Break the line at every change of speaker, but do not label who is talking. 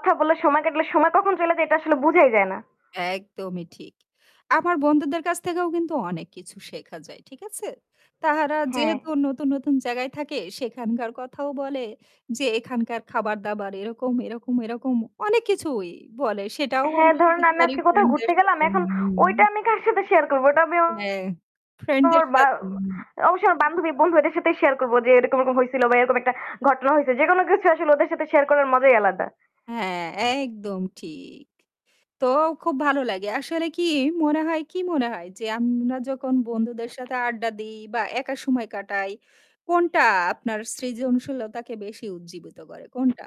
কথা বলে সময় কাটালে সময় কখন চইলে যায়, এটা আসলে বুঝাই যায় না।
একদমই ঠিক। আমার বন্ধুদের কাছ থেকেও কিন্তু অনেক কিছু শেখা যায়, ঠিক আছে? তাহারা
হ্যাঁ।
যেহেতু নতুন, নতুন জায়গায় থাকে, সেখানকার কথাও বলে যে, এখানকার খাবার দাবার এরকম, এরকম, এরকম। অনেক কিছুই বলে, সেটাও
হ্যাঁ,
আমরা শেয়ার
ধরুন আমি
করি
আজকে কোথাও
ফ্রেন্ডদের
ঘুরতে গেলাম,
সাথে,
এখন ওইটা
উমম।
আমি কার সাথে শেয়ার করব? ওটা আমি
হ্যাঁ, ফ্রেন্ডদের
...ওর বা
সাথে, হুম।
অবশ্যই আমার বান্ধবী, বন্ধু এদের সাথেই শেয়ার করবো যে, এরকম এরকম হইসিল বা এরকম একটা ঘটনা হইসে। যেকোনো কিছু আসলে ওদের সাথে শেয়ার করার মজাই আলাদা।
হ্যাঁ, একদম ঠিক। তো, খুব ভালো লাগে। আসলে কী, মনে হয়, কী মনে হয়? যে আমরা যখন বন্ধুদের সাথে আড্ডা দিই বা একা সময় কাটাই, কোনটা আপনার সৃজনশীলতাকে বেশি উজ্জীবিত করে? কোনটা?